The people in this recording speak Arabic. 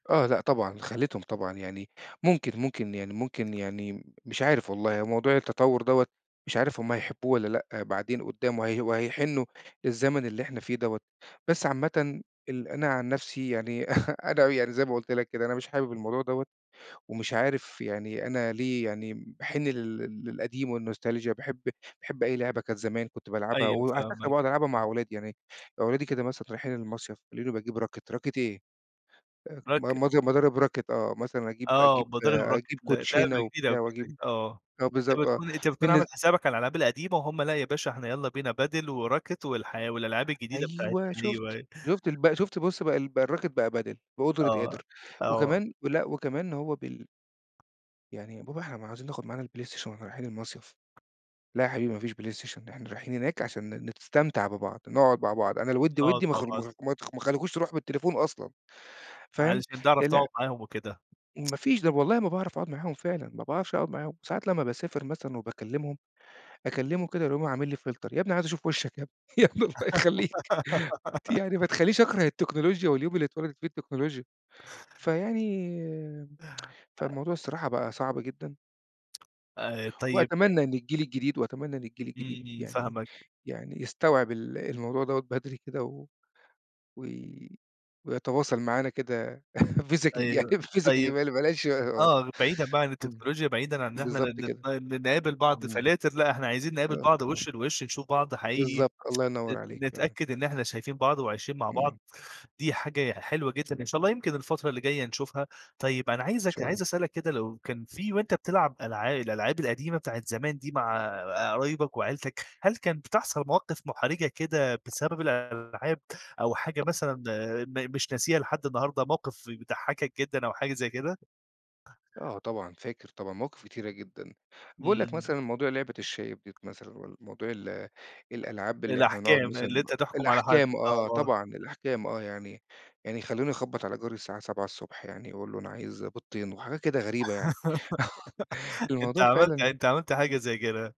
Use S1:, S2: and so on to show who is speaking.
S1: آه. لأ طبعًا، خلّيتهم طبعًا يعني ممكن ممكن يعني ممكن يعني مش عارف والله، هو موضوع التطوّر دوّة مش عارف هم هيحبّوه والّا لأ، بعدين قُدّام وهي وهيحنّوا للزمن اللي إحنا فيه دوّة، بس عامةً ال أنا عن نفسي يعني أنا يعني زي ما قُلت لك كده أنا مش حابب الموضوع دوّة ومش عارف يعني أنا ليه يعني باحِن لل للقديم والنوستالجيا وباحب باحب أي لعبة كان زمان كنت بالعبها
S2: أيوه
S1: وعلى فكرة
S2: فاهمك.
S1: باقعد
S2: إمم.
S1: ألعبها مع أولادي. يعني أولادي كده مثلًا رايحين المصيف ويلاقوني باجيب راكِت، راكِت إيه؟! آآ م
S2: راك
S1: مض مضارب راكِت آه. مثلًا أجيب
S2: آه.
S1: أجيب
S2: مضارب راكِت
S1: أجيب
S2: ل لعبة
S1: كوتشينة
S2: جديدة أو
S1: وبتاع
S2: كده،
S1: وأجيب
S2: آه.
S1: آه
S2: أنت
S1: بالضبط، آه.
S2: بتكون أنت بتكون
S1: بالنس
S2: عامِل حسابك على الألعاب القديمة وهُم، لأ، يا باشا إحنا يالّا بينا padel وراكِت والحي والألعاب الجديدة
S1: أيوه
S2: بتاعتنا أيوه،
S1: شُفت،
S2: أيوه.
S1: شُفت الب شُفت بُص بقى ال بقى الراكِت بقى padel بقدرة
S2: آه.
S1: قادر.
S2: آه.
S1: وكمان لأ، وكمان هو بل يعني "يا بابا إحنا ما عايزين ناخد معانا البلايستيشن وإحنا رايحين المصيف." "لأ يا حبيبي ما فيش بلايستيشن، إحنا رايحين هناك عشان ن نستمتع ببعض، نقعد مع بعض، أنا الوِد
S2: آه،
S1: وِدّي ما خ ما
S2: طبعًا.
S1: خ ما ت ما خلّيكوش تروحوا بالتليفون أصلًا." فاهم؟
S2: علشان تعرف
S1: الع
S2: تقعد معاهم وكده.
S1: ما فيش، طب والله ما باعرف أقعد معاهم فعلًا، ما باعرفش أقعد معاهم. ساعات لمّا باسافر مثلًا وباكلّمهم، أكلّمه كده يقوم عامِل لي فلتر، يا ابني عايز أشوف وِشَّك يا ابني، يا ابني الله يخلّيك ت يعني ما تخلّينيش أكره التكنولوجيا واليوم اللي اتولدت فيه التكنولوجيا. فيعني فالموضوع الصراحة بقى صعب جدًا.
S2: آآ طيب أ
S1: وأتمنى إن الجيل الجديد وأتمنى إن الجيل الجديد
S2: إمم، إمم،
S1: يعني
S2: فاهمك.
S1: يعني يستوعب ال الموضوع دوّة بدري كده و وي ويتواصل معانا كده physically، يعني
S2: أيوه.
S1: physically
S2: طيب
S1: بل بلاش
S2: آه، بعيدًا بقى عن
S1: إمم.
S2: التكنولوجيا، بعيدًا عن إن إحنا
S1: بالضبط
S2: ن نت
S1: كده.
S2: ن نقابل بعض
S1: إمم.
S2: فلاتر لأ إحنا عايزين نقابل
S1: آه،
S2: بعض
S1: آه.
S2: وِش لِوِش، نشوف بعض حقيقي،
S1: بالضبط، الله ينوّر
S2: نت
S1: عليك فعلًا.
S2: نتأكّد إن إحنا شايفين بعض وعايشين مع بعض،
S1: إمم.
S2: دي حاجة حلوة جدًا إن شاء الله يمكن الفترة اللي جاية نشوفها. طيب، أنا
S1: ما
S2: عايزك
S1: شاء الله.
S2: عايز أسألك كده لو كان في وأنت بتلعب ألعا الألعاب القديمة بتاعة زمان دي مع قرايبك وعيلتك، هل كان بتحصل مواقف مُحرِجة كده بسبب الألعاب أو حاجة مثلًا م مش ناسيها لحد النهاردة، موقف بيضحّكك جدًا أو حاجة زي كده؟
S1: آه طبعًا، فاكر طبعًا مواقِف كتيرة جدًا. باقول لك
S2: إمم.
S1: مثلًا موضوع لعبة الشايب ديّة مثلًا والّا موضوع ال الألعاب اللي إحنا بنقعد
S2: الأحكام، اللي
S1: مثلًا
S2: أنت تحكُم على حد،
S1: الأحكام آه،
S2: آه.
S1: طبعًا، الأحكام آه، يعني يعني خلّوني أخبّط على جاري الساعة 07:00 ص يعني وأقول له أنا عايز بيضتين وحاجة كده غريبة يعني.
S2: أنت
S1: الموضوع
S2: عملت
S1: فعلًا
S2: أنت عملت حاجة زي كده.